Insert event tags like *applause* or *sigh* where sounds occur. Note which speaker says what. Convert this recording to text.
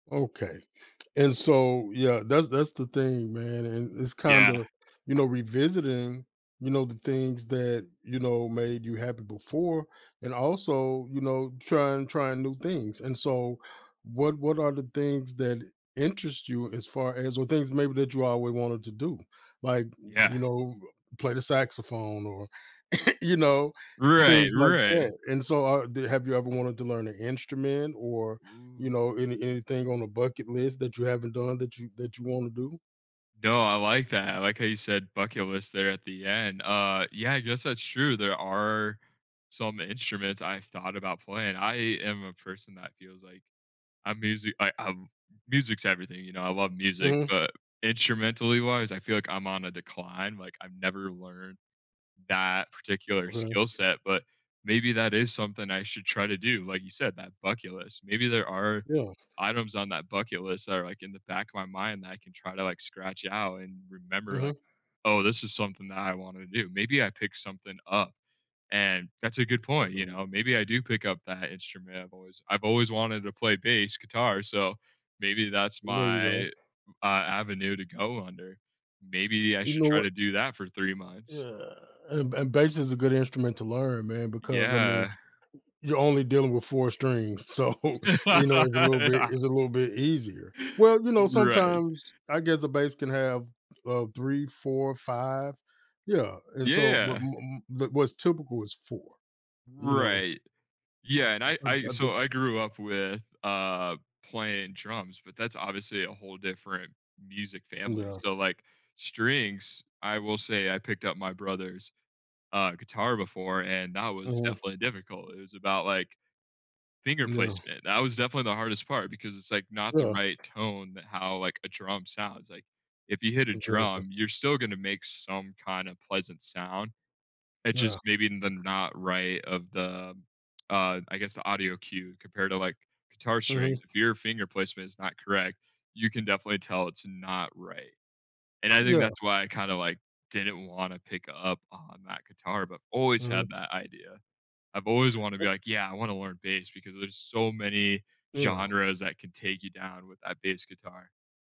Speaker 1: Okay, and so Yeah, that's that's the thing, man and it's
Speaker 2: Yeah.
Speaker 1: kinda, you know, revisiting, you know, the things that, you know, made you happy before, and also, you know, trying trying new things, and so, what what are the things that'll interest you as far as or things maybe that you always wanted to do? Like, uh uh,
Speaker 2: Yeah.
Speaker 1: you know, uh, play the saxophone or, *chuckles* you know,
Speaker 2: Right.
Speaker 1: things like
Speaker 2: Right.
Speaker 1: that, and so are they Have you ever wanted to learn an instrument or, you
Speaker 2: Ooh.
Speaker 1: know, any anything on the bucket list that you haven't done that you that you wanna do?
Speaker 2: No, I like that, I like how you said "bucket list" there at the end. Uh, yeah, I guess that's true, there are some instruments I thought about playing. I am a person that feels like I musi I I've Music's everything, you know? I love music,
Speaker 1: Mhm.
Speaker 2: but instrumentally wise, I feel like I'm on a decline, like, I've never learned that particular
Speaker 1: Okay.
Speaker 2: skill set, but maybe that is something I should try to do, like you said, that bucket list, maybe there are
Speaker 1: Yeah.
Speaker 2: items on that bucket list that are, like, in the back of my mind that I can try to, like, scratch it out and remember, like,
Speaker 1: Mhm.
Speaker 2: "Oh, this is something that I wanna do," maybe I pick something up and that's a good point, you
Speaker 1: Mhm.
Speaker 2: know? Maybe I do pick up that instrument I've always I've always wanted to play bass guitar, so, maybe that's
Speaker 1: There you
Speaker 2: my,
Speaker 1: go.
Speaker 2: uh, avenue to go under. Maybe I
Speaker 1: You
Speaker 2: should
Speaker 1: know
Speaker 2: try
Speaker 1: what
Speaker 2: to do that for 3 months.
Speaker 1: Yeah, and ba bass is a good instrument to learn, man, because, I mean,
Speaker 2: Yeah.
Speaker 1: you're only dealing with 4 strings, so, you know, it's a little bit it's a
Speaker 2: *laughs*
Speaker 1: little bit easier. Well, you know,
Speaker 2: Right.
Speaker 1: sometimes I guess a bass can have, uh, 3, 4, 5. Yeah and, so but
Speaker 2: Yeah.
Speaker 1: m m What's typical is 4, you know?
Speaker 2: Right. Yeah, and I
Speaker 1: I d
Speaker 2: I
Speaker 1: I do
Speaker 2: So, I grew up with, uh, playing drums, but that's obviously a whole different music
Speaker 1: Mm,
Speaker 2: family,
Speaker 1: yeah.
Speaker 2: so, like, strings, I will say I picked up my brother's, uh, guitar before and that was
Speaker 1: Mhm.
Speaker 2: definitely difficult, it was about, like, finger
Speaker 1: Yeah.
Speaker 2: placement, that was definitely the hardest part, because it's, like, not the
Speaker 1: Yeah.
Speaker 2: right tone that how, like, a drum sounds, like, if you hit a
Speaker 1: Exactly.
Speaker 2: drum, you're still gonna make some kind of pleasant sound, it's just
Speaker 1: Yeah.
Speaker 2: maybe the not right of the, uh, I guess, the audio cue compared to, like, guitar strings,
Speaker 1: Mhm.
Speaker 2: if your finger placement is not correct, you can definitely tell it's not right, and I think
Speaker 1: Yeah.
Speaker 2: that's why I kinda, like, didn't wanna pick up on that guitar, but always
Speaker 1: Mhm.
Speaker 2: had that idea. I've always wanted to
Speaker 1: Uh
Speaker 2: be like, "Yeah, I wanna learn bass because there's so many
Speaker 1: Yeah.
Speaker 2: genres that can take you down with that bass guitar."